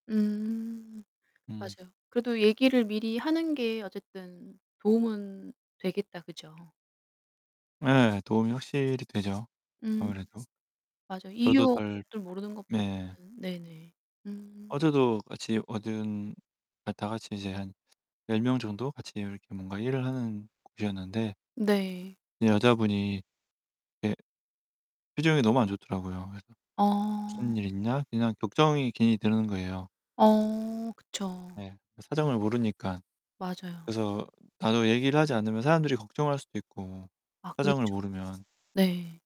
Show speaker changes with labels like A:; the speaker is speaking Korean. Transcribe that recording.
A: 음.
B: 음.
A: 맞아요. 그래도 얘기를 미리 하는 게 어쨌든 도움은 되겠다, 그죠?
B: 예. 도움이 확실히 되죠,
A: 음.
B: 아무래도.
A: 맞아요.
B: 저도 덜
A: 이유를 모르는
B: 네.
A: 것보다는 네네. 음.
B: 어제도 같이 얻은 아 다 같이 이제 한 10 명 정도 같이 이렇게 뭔가 일을 하는 곳이었는데
A: 네.
B: 여자분이 예 표정이 너무 안 좋더라고요. 그래서
A: 어.
B: '무슨 일 있나?' 그냥 걱정이 괜히 드는 거예요.
A: 어 그쵸.
B: 네. 그 사정을 모르니까
A: 맞아요.
B: 그래서 나도 얘기를 하지 않으면 사람들이 걱정할 수도 있고
A: 아
B: 사정을
A: 그렇죠.
B: 모르면.
A: 네.